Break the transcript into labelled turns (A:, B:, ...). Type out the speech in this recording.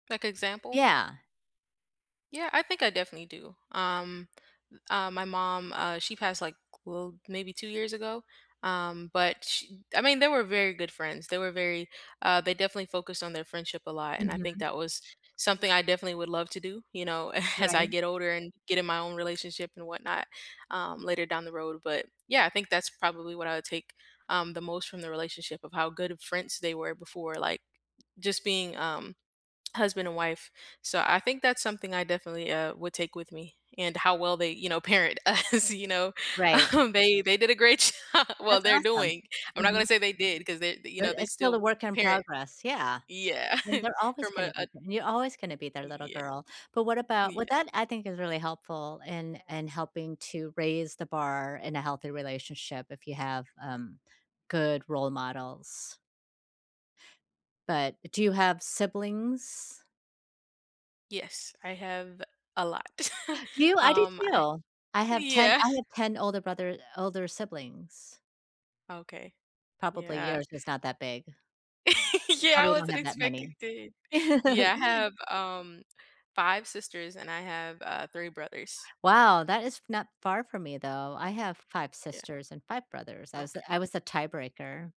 A: Like, example?
B: Yeah.
A: Yeah, I think I definitely do, um, u uh, my mom, uh, she passed, like, well, maybe 2 years ago, um, but sh I mean, they were very good friends. They were very uh, they definitely focused on their friendship a lot, and I think
B: Mhm.
A: that was something I definitely would love to do, you know, as I
B: Right.
A: get older, and get in my own relationship and whatnot, um, later down the road, but, yeah, I think that's probably what I would take, um, the most from the relationship, of how good of friends they were before, like, just being, um, husband and wife. So, I think that's something I definitely, uh, would take with me, and how well they, you know, parent us, you know,
B: Right.
A: um, they they did a great job! Well,
B: That's
A: they're
B: awesome,
A: doing I'm not gonna
B: mhm.
A: say they did, 'cause they, you
B: But
A: know, they
B: it's still a
A: still
B: work in
A: parent,
B: progress, yeah,
A: yeah.
B: and they're always
A: From
B: gonna
A: a a
B: be you're always gonna be their little
A: Yeah,
B: girl, but what about well,
A: yeah.
B: that I think is really helpful, in in helping to raise the bar in a healthy relationship, if you have, um, good role models. But, do you have siblings?
A: Yes, I have a lot,
B: Do you? I do
A: um, I
B: too! I have 10
A: Yeah.
B: I have 10 older brother older siblings.
A: Okay,
B: Probably
A: yeah.
B: yours is not that big.
A: Yeah, I
B: Probably don't
A: wasn't
B: have that
A: expecting
B: many.
A: to yeah, I have, um, 5 sisters, and I have, uh, 3 brothers.
B: Wow, that is f not far from me, though, I have 5
A: Yeah,
B: sisters and 5 brothers, I was a I
A: okay.
B: was the tiebreaker.